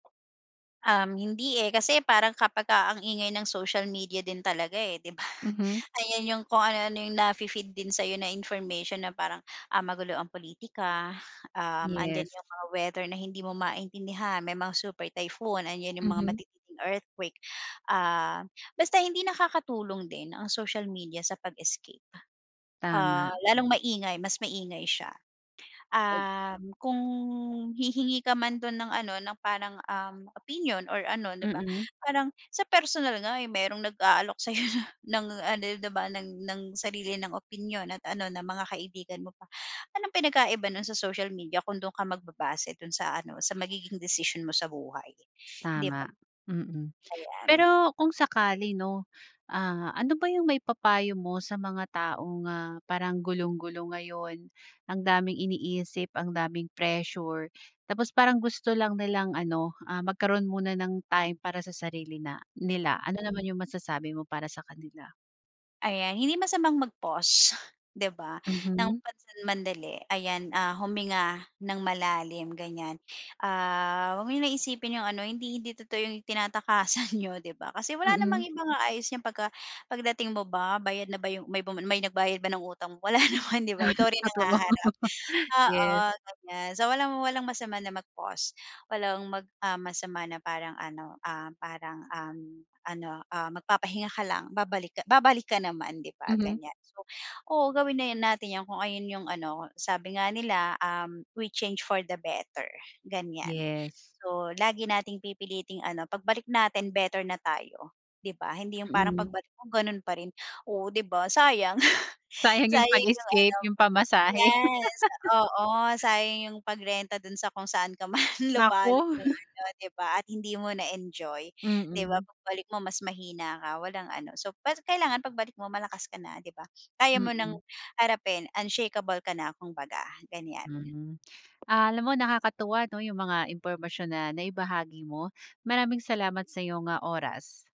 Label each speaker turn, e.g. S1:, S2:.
S1: Um, hindi, eh. Kasi parang kapagka ang ingay ng social media din talaga, eh, di ba?
S2: Mhm.
S1: Ayan yung kung ano-ano yung nafi-feed din sa'yo na information na parang, ah, magulo ang pulitika, um, andiyan
S2: Yes.
S1: yung mga weather na hindi mo maintindihan, may mga super typhoon, andiyan yung mga
S2: Mhm.
S1: matitinding earthquake. Ah, basta hindi nakakatulong din, ang social media sa pag-escape. Ah,
S2: Tama.
S1: lalong maingay, mas maingay siya.
S2: At
S1: Um, kung hihingi ka man dun ng ano, ng parang, um, opinion or ano, di ba?
S2: Mm.
S1: Parang sa personal nga, eh, merong nag-aalok sa'yo na ng ano, di ba ng ng sarili nilang opinyon at ano, na mga kaibigan mo pa. Anong pinagkaiba nun sa social media kung dun ka magbabase, dun sa ano, sa magiging desisyon mo sa buhay, di ba?
S2: Tama. Mm.
S1: Ayan.
S2: Pero kung sakali 'no, ah, ano ba yung maipapayo mo sa mga taong, ah, parang gulong-gulo ngayon, ang daming iniisip, ang daming pressure. Tapos parang gusto lang nilang ano, ah, magkaroon muna ng time para sa sarili na nila. Ano
S1: Mhm.
S2: naman yung masasabi mo para sa kanila?
S1: Ayan, hindi masamang mag-pause, di ba, ng
S2: Mhm.
S1: pansamandali. Ayan, ah, huminga ng malalim, ganiyan. Ah, huwag mo na isipin yung ano, hindi hindi totoo yung tinatakasan niyo, di ba? Kasi wala namang
S2: Mm.
S1: ibang aayos niyan pagka pagdating mo ba, bayad na ba yung may bumun may nagbayad ba ng utang mo? Wala naman, di ba?
S2: Ay,
S1: Ikaw rin ang
S2: totoo,
S1: haharap. Oo,
S2: yes.
S1: ganiyan. So walang walang masama na mag-pause. Walang mag, ah, masama na parang ano, ah, parang, um, ano, ah, magpapahinga ka lang, babalik ka babalik ka naman, 'di ba
S2: Mhm.
S1: ganiyan. So, oo, gawin na 'yan natin 'yan kung ayun yung ano, sabi nga nila, um, "We change for the better." ganiyan.
S2: Yes.
S1: So, lagi nating pipiliting ano, pagbalik natin better na tayo, di ba? Hindi yung parang
S2: Mm.
S1: pagbalik mo, ganun pa rin, oo, 'di ba sayang,
S2: Sayang yung
S1: sayang yung ano
S2: pag-escape, yung pamasahe.
S1: yes. Oo, sayang yung pag-renta dun sa kung saan ka man
S2: Naku.
S1: lupalop ng ano, di ba at hindi mo na-enjoy. Di ba
S2: Mm.
S1: pagbalik mo, mas mahina ka, walang ano, so pa kailangan pagbalik mo, malakas ka na, di ba? Kaya mo nang
S2: Mm.
S1: harapin, unshakeable ka na, kung baga, ganiyan.
S2: Hmm. Alam mo nakakatuwa ano yung mga impormasyon na naibahagi mo. Maraming salamat sa'yong, ah, oras.